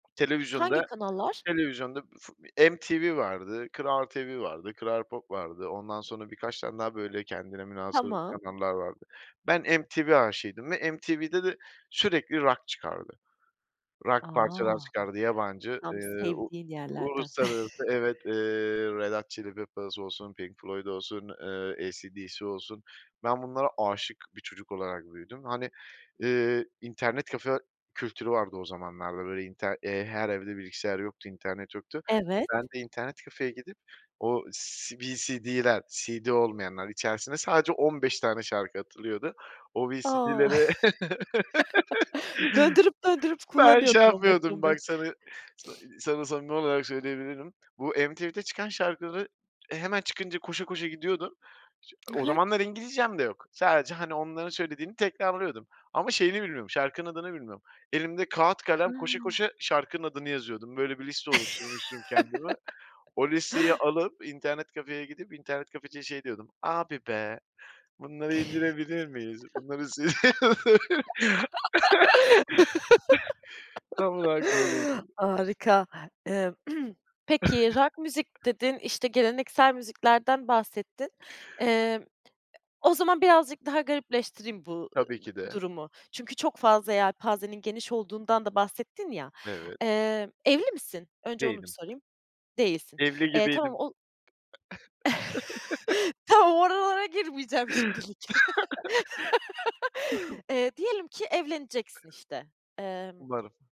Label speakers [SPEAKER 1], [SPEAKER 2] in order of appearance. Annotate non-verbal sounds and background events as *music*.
[SPEAKER 1] Hangi
[SPEAKER 2] Televizyonda
[SPEAKER 1] kanallar?
[SPEAKER 2] televizyonda fut MTV vardı, KRAL TV vardı, KRAL POP vardı, ondan sonra birkaç tane daha böyle kendine münhasır
[SPEAKER 1] Tamam.
[SPEAKER 2] kanallar vardı. Ben MTV aşığıydım ve MTV'de de sürekli rock çıkardı,
[SPEAKER 1] A!
[SPEAKER 2] rock parçalar çıkardı. Yabancı,
[SPEAKER 1] Tam
[SPEAKER 2] eee, u
[SPEAKER 1] sevdiğin yerlerden.
[SPEAKER 2] uluslararası.
[SPEAKER 1] *chuckles*
[SPEAKER 2] Evet, eee, Red Hot Chili Peppers olsun, Pink Floyd olsun, eee, AC/DC olsun, ben bunlara aşık bir çocuk olarak büyüdüm. Hani, eee, internet kafe kültürü vardı o zamanlarda böyle inter her evde bilgisayar yoktu, internet yoktu.
[SPEAKER 1] Evet.
[SPEAKER 2] Ben de internet kafeye gidip o C VCD'ler CD olmayanlar içerisine sadece 15 tane şarkı atılıyordu. O
[SPEAKER 1] A!
[SPEAKER 2] VCD'lere
[SPEAKER 1] *chuckles* Döndürüp
[SPEAKER 2] *laughs*
[SPEAKER 1] döndürüp
[SPEAKER 2] ben şey
[SPEAKER 1] kullanıyordun on beş
[SPEAKER 2] yapmıyordum.
[SPEAKER 1] on beş.
[SPEAKER 2] Bak sana sa sana samimi olarak söyleyebilirim. Bu MTV'de çıkan şarkıları, eee, hemen çıkınca koşa koşa gidiyordum. *unintelligible*
[SPEAKER 1] Hı
[SPEAKER 2] O
[SPEAKER 1] hı.
[SPEAKER 2] zamanlar İngilizcem de yok, sadece hani onların söylediğini tekrarlıyordum. Ama şeyini bilmiyorum şarkının adını bilmiyorum. Elimde kağıt, kalem koşa
[SPEAKER 1] Hıı.
[SPEAKER 2] koşa şarkının adını yazıyordum. Böyle bir liste oluşturmuştum kendime. O listeyi
[SPEAKER 1] *laughs*
[SPEAKER 2] alıp, internet kafeye gidip, internet kafeciye şey diyordum: "Abi be, bunları indirebilir miyiz? Bunları" *unintelligible* *chuckles* Tam olarak böyleydi.
[SPEAKER 1] *laughs* Harika. Emm, peki, rock müzik
[SPEAKER 2] *chuckles*
[SPEAKER 1] dedin, işte geleneksel müziklerden bahsettin. Emm, o zaman birazcık daha garipleştireyim bu, ı ııı,
[SPEAKER 2] Tabii ki de.
[SPEAKER 1] durumu çünkü çok fazla yelpazenin geniş olduğundan da bahsettin ya,
[SPEAKER 2] Evet.
[SPEAKER 1] eee, "Evli misin?" Önce onu bir
[SPEAKER 2] Değilim.
[SPEAKER 1] sorayım. Değilsin.
[SPEAKER 2] Evli
[SPEAKER 1] Eee, tamam
[SPEAKER 2] gibiydim.
[SPEAKER 1] o
[SPEAKER 2] *chuckles*
[SPEAKER 1] *chuckles* Tamam oralara girmeyeceğim şimdilik.
[SPEAKER 2] *laughs*
[SPEAKER 1] *chuckles* Eee, diyelim ki, evleneceksin işte, emm
[SPEAKER 2] Umarım.